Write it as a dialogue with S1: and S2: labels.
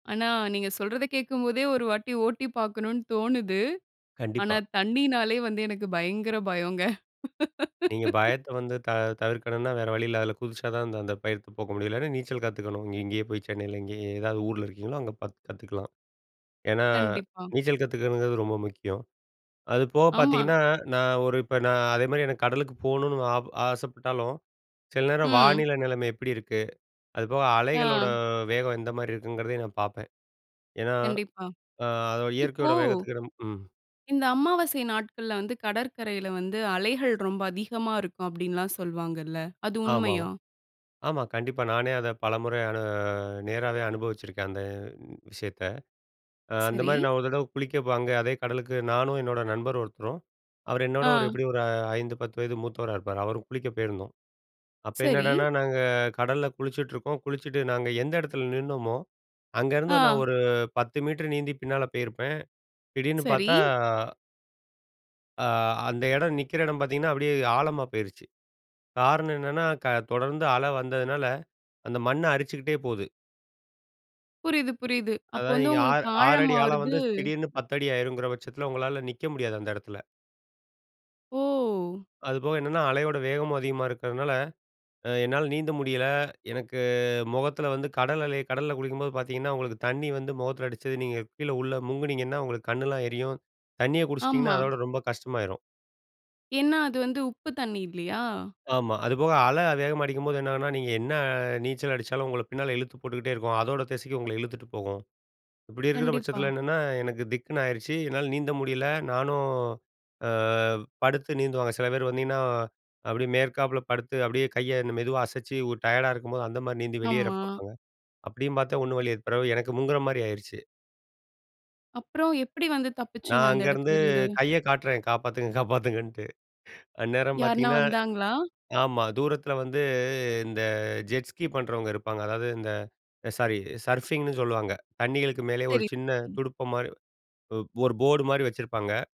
S1: ஆனா, நீங்க சொல்றத கேட்கும்போதே ஒரு வாட்டி ஓட்டி பார்க்கணும்னு தோணுது. ஆனா
S2: கண்டிப்பா.
S1: தண்ணினாலே வந்து எனக்கு பயங்கர பயங்க.
S2: நீங்க பயத்த வந்து, தவி தவிர்க்கணுன்னா, வேற வழி இல்ல, அதுல குதிச்சா தான் அந்த அந்த பயத்த போக்க முடியும். இல்லைனா, நீச்சல் கத்துக்கணும் இங்க இங்கே போய் சென்னைல இங்கயே ஏதாவது ஊருல இருக்கீங்களோ, அங்க பாத்து கத்துக்கலாம். ஏன்னா,
S1: கண்டிப்பா.
S2: நீச்சல் கத்துக்கணுங்கறது ரொம்ப முக்கியம். அது போக
S1: ஆமா.
S2: பாத்தீங்கன்னா, நான் ஒரு இப்ப நான் அதேமாரி எனக்கு கடலுக்கு போகணுன்னு, ஆப ஆசைப்பட்டாலும், சில நேரம்
S1: ம்.
S2: வானிலை நிலைமை எப்டி இருக்கு? அதுப்போக அலைகளோட
S1: ஆ.
S2: வேகம் எந்த மாரி இருக்குங்கிறதையும் நான் பாப்பேன். ஏன்னா,
S1: கண்டிப்பா.
S2: ஆ,
S1: இப்போ
S2: இயற்கையோட வேகத்துக்கு ம்.
S1: இந்த அமாவாசை நாட்கள்ல வந்து, கடற்கரைல வந்து அலைகள் ரொம்ப அதிகமா இருக்கும் அப்டின்னுலாம் சொல்வாங்கல்ல. அது
S2: ஆமாமா,
S1: உண்மையா?
S2: ஆமா. கண்டிப்பா. நானே அத பலமுற அனு நேராவே அனுபவிச்சிருக்கேன் அந்த விஷயத்த. அ அந்த
S1: சரி.
S2: மாரி நான் ஒரு தடவ குளிக்க போ அங்க அதே கடலுக்கு நானும் என்னோட நண்பர் ஒருத்தரும். அவரரு என்னோட ஒரு
S1: ஆ.
S2: எப்டியும் ஒரு 5, 10 வயது மூத்தவரா இருப்பாரு. அவரும் குளிக்க போயிருந்தோம். அப்ப
S1: சரி.
S2: என்னடான்னா நாங்க கடல்ல குளிச்சிட்டுருக்கோம், குளிச்சுட்டு நாங்க எந்த எடத்துல நின்னமோ, அங்க இருந்து நான்
S1: ஆ.
S2: ஒரு 10 மீட்டர் நீந்தி பின்னால பேயிருப்பேன். திடீர்னு
S1: சரி.
S2: பார்த்தா ஆ, அந்த எடம் நிக்கிற எடம் பாத்தீங்கன்னா அப்டியே ஆழமா போயிருச்சு. காரணம் என்னன்னா, க தொடர்ந்து அல வந்ததுனால, அந்த மண்ண அரிச்சுக்கிட்டே போவுது.
S1: புரியுது, புரியுது. அப்போ
S2: அதாவது,
S1: வந்து
S2: நீங்க, ஆ
S1: உங்களுக்கு
S2: 6 அடி ஆழம்
S1: ஆழமாவறது
S2: வந்து திடீர்ன்னு 10 அடி ஆயிரும்ங்கிற பட்சத்துல உங்களால நிக்க முடியாது, அந்த எடத்துல.
S1: ஓ!
S2: அதுபோக, என்னன்னா அலையோட வேகமும் அதிகமா இருக்கிறதுனால, அ என்னால நீந்த முடியல. எனக்கு மொகத்துல வந்து கடல் அலை கடல்ல குளிக்கும்போது பாத்தீங்கன்னா, உங்களுக்கு தண்ணி வந்து, மொகத்துல அடிச்சது நீங்க கீழே உள்ள முங்கினீங்கன்னா, உங்களுக்கு கண்ணெல்லாம் எரியும். தண்ணிய குடிச்சிட்டிங்கன்னா
S1: ஆமா.
S2: அத விட ரொம்ப கஷ்டமாயிரும்.
S1: ஏன்னா, அது வந்து உப்பு தண்ணி. இல்லையா?
S2: ஆமா, அதுபோக அல வேகமா அடிக்கும்போது என்னன்னா, நீங்க என்னா நீச்சல் அடிச்சாலும், உங்கள பின்னால இழுத்து போட்டுக்கிட்டே இருக்கும். அதோட திசைக்கு உங்கள இழுத்துட்டு போகும். இப்டி இருக்கிற
S1: கண்டிப்பா.
S2: பட்சத்துல என்னன்னா, எனக்கு திக்குன்னு ஆயிருச்சு. என்னால நீந்த முடியல, நானும் ஆ, படுத்து நீந்துவாங்க. சில பேரு வந்திங்கன்னா அப்டியே மேற்காப்புல படுத்து அப்டியே கைய மெதுவா அசச்சி, ஒரு டயர்டா இருக்கும்போது அந்த மாரி நீந்தி வெளியேற
S1: ஆமா.
S2: பாப்பாங்க. அப்டியும் பாத்தேன், ஒண்ணு வழி ஏற் பிறவு எனக்கு முங்குகிற மாரி ஆயிருச்சு.
S1: அப்பறம் எப்டி வந்து தப்பிச்சிங்க,
S2: நான்
S1: அந்த
S2: அங்க இருந்து
S1: எடத்தில இருந்து.
S2: கைய காட்றேன் காப்பாத்துங்க, காப்பாத்துங்கன்ட்டு. அந்நேரம்
S1: யாருனா
S2: பாத்தீங்கன்னா,
S1: வந்தாங்களா?
S2: ஆமா, தூரத்துல வந்து இந்த ஜெட் ஸ்கி பண்றவங்க இருப்பாங்க. அதாவது இந்த சாரி சர்ஃபிங்னு சொல்லுவாங்க, தண்ணிகளுக்கு மேலே ஒரு
S1: சரி.
S2: சின்ன
S1: சரி.
S2: துடுப்பு மாரி ஒரு போர் போர்டு மாரி வச்சிருப்பாங்க.